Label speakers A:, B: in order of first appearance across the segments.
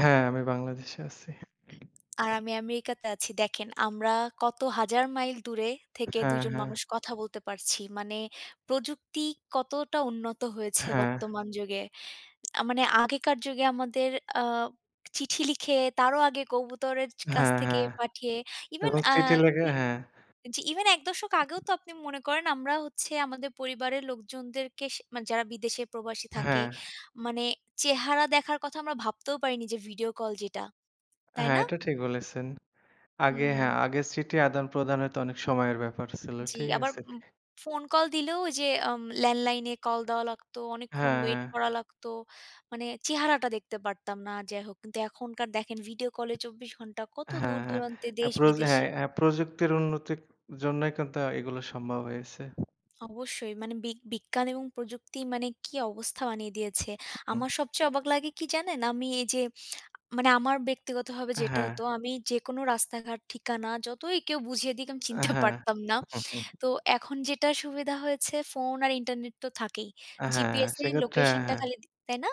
A: হ্যাঁ, আমি বাংলাদেশে আছি।
B: আর আমি আমেরিকাতে আছি। দেখেন আমরা কত হাজার মাইল দূরে থেকে ২
A: হ্যাঁ,
B: জন
A: হ্যাঁ।
B: মানুষ কথা বলতে পারছি। মানে প্রযুক্তি কতটা উন্নত হয়েছে
A: হ্যাঁ।
B: বর্তমান যুগে। আ মানে আগেকার যুগে আমাদের আ চিঠি লিখে, তারও আগে কবুতরের কাছ
A: হ্যাঁ,
B: থেকে
A: হ্যাঁ
B: পাঠিয়ে, even
A: এবং
B: আ
A: চিঠি লেগে,
B: ই
A: হ্যাঁ।
B: জি, even ১ দশক আগেও তো আপনি মনে করেন আমরা হচ্ছে আমাদের পরিবারের লোকজনদেরকে স মানে যারা বিদেশে প্রবাসী থাকে
A: হ্যাঁ।
B: মানে চেহারা দেখার কথা আমরা ভাবতেও পারিনি যে, ভিডিও কল যেটা। তাই
A: হ্যাঁ,
B: না?
A: এটা ঠিক বলেছেন। আগে হ্যাঁ,
B: হুম।
A: আগে চিঠি আদান-প্রদানে তো অনেক সময়ের ব্যাপার ছিল।
B: জি
A: ঠিক
B: আবার
A: আছে?
B: উম ফোন কল দিলেও যে, আম ল্যান্ডলাইনে কল দেওয়া লাগত, অনেকক্ষণ
A: হ্যাঁ,
B: wait
A: হ্যাঁ।
B: করা লাগত, মানে চেহারাটা দেখতে পারতাম না আর যাই হোক, কিন্তু এখনকার দেখেন ভিডিও কলে ২৪ ঘন্টা কত
A: হ্যাঁ, হ্যাঁ।
B: দূর-দূরান্তে,
A: হ্যাঁ প্রযু
B: দেশ-বিদেশে
A: হ্যাঁ, হ্যাঁ প্রযুক্তির উন্নতির জন্যই কিন্তু এগুলো সম্ভব হয়েছে।
B: অবশ্যই মানে বি বিজ্ঞান এবং প্রযুক্তির মানে কি অবস্থা বানিয়ে দিয়েছে। আমার সবচেয়ে অবাক লাগে কি জানেন? আমি এই যে, মানে আমার ব্যক্তিগতভাবে যেটা
A: হ্যাঁ।
B: হতো, আমি যেকোনো রাস্তাঘাট ঠিকানা যতই কেউ বুঝিয়ে দিক আমি চিনতে
A: হ্যাঁ।
B: পারতাম না। তো এখন যেটা সুবিধা হয়েছে ফোন আর Internet তো থাকেই।
A: হ্যাঁ।
B: GPS এ
A: সেক্ষেত্রে
B: location টা
A: হ্যাঁ।
B: খালি দি তাই না?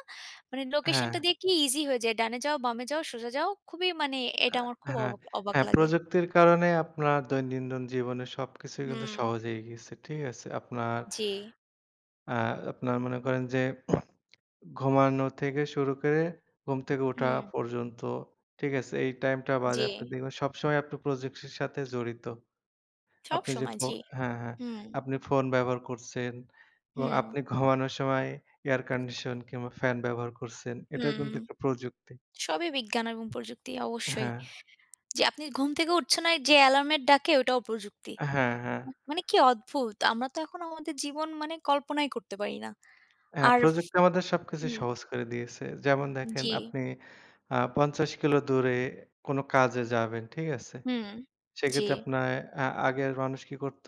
B: মানে location টা
A: হ্যাঁ।
B: দিয়ে কি easy হয়ে যায়, ডানে যাও, বামে যাও, সোজা যাও। খুবই মানে এটা
A: আ
B: আমার খুব
A: হ্যাঁ।
B: অবা অবাক
A: হ্যাঁ,
B: লাগে।
A: প্রযুক্তির কারণে আপনার দৈনন্দিন জীবনের সবকিছুই কিন্তু
B: হুম।
A: সহজ হয়ে গেছে, ঠিক আছে। আপনার
B: জি।
A: আ আপনার মনে করেন যে, ঘুমানো থেকে শুরু করে, ঘুম থেকে ওঠা
B: হুম।
A: পর্যন্ত, ঠিক আছে? এই টাইমটা বাদে আপনি
B: জি।
A: দেখবেন সবসময় আপনি প্রযুক্তির সাথে জড়িত।
B: সব
A: আপনি যে,
B: সময়,
A: ফো
B: জি।
A: হ্যাঁ, হ্যাঁ।
B: হুম।
A: আপনি ফোন ব্যবহার করছেন এবং
B: হুম।
A: আপনি ঘুমানোর সময় এয়ার কন্ডিশন কিংবা ফ্যান ব্যবহার করছেন, এটাও
B: হুম।
A: কিন্তু একটা প্রযুক্তি।
B: সবই বিজ্ঞান এবং প্রযুক্তি অবশ্যই।
A: হ্যাঁ।
B: যে আপনি ঘুম থেকে উঠছে না যে alarm এর ডাকে ওইটাও প্রযুক্তি।
A: হ্যাঁ, হ্যাঁ।
B: মানে কি অদ্ভুত! আমরা তো এখন আমাদের জীবন মানে কল্পনাই করতে পারি না।
A: হ্যাঁ,
B: আর ফ
A: প্রযুক্তি আমাদের সবকিছু
B: হুম।
A: সহজ করে দিয়েছে। যেমন দেখেন
B: জি।
A: আপনি আ ৫০ কিলো দূরে কোন কাজে যাবেন, ঠিক আছে?
B: হুম। জি।
A: সেক্ষেত্রে আপনার আ আগের মানুষ কী করত?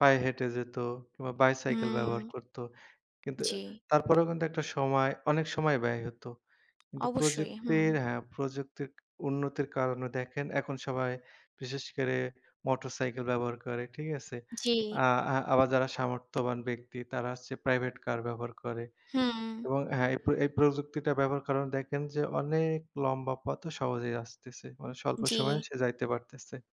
A: পায়ে হেঁটে যেত কিংবা বাইসাইকেল ব্যবহার
B: হুম।
A: করত। কিন্তু
B: জি।
A: তারপরেও কিন্তু একটা সময়, অনেক সময় ব্যয় হত। কিন্তু
B: অবশ্যই, হুম।
A: প্রযুক্তির হ্যাঁ, প্রযুক্তির উন্নতির কারণে দেখেন এখন সবাই বিশেষ করে মোটরসাইকেল ব্যবহার করে, ঠিক আছে?
B: জি।
A: আ আ আবার যারা সামর্থ্যবান ব্যক্তি তারা হচ্ছে প্রাইভেট Car ব্যবহার করে,
B: হুম।
A: এবং হ্যাঁ, এই প্র এই প্রযুক্তিটা ব্যবহার করার কারণে দেখেন যে, অনেক লম্বা পথও সহজ হয়ে আসতেছে। মানে স্বল্প সময়ে
B: জি।
A: সে যাইতে পারতেছে।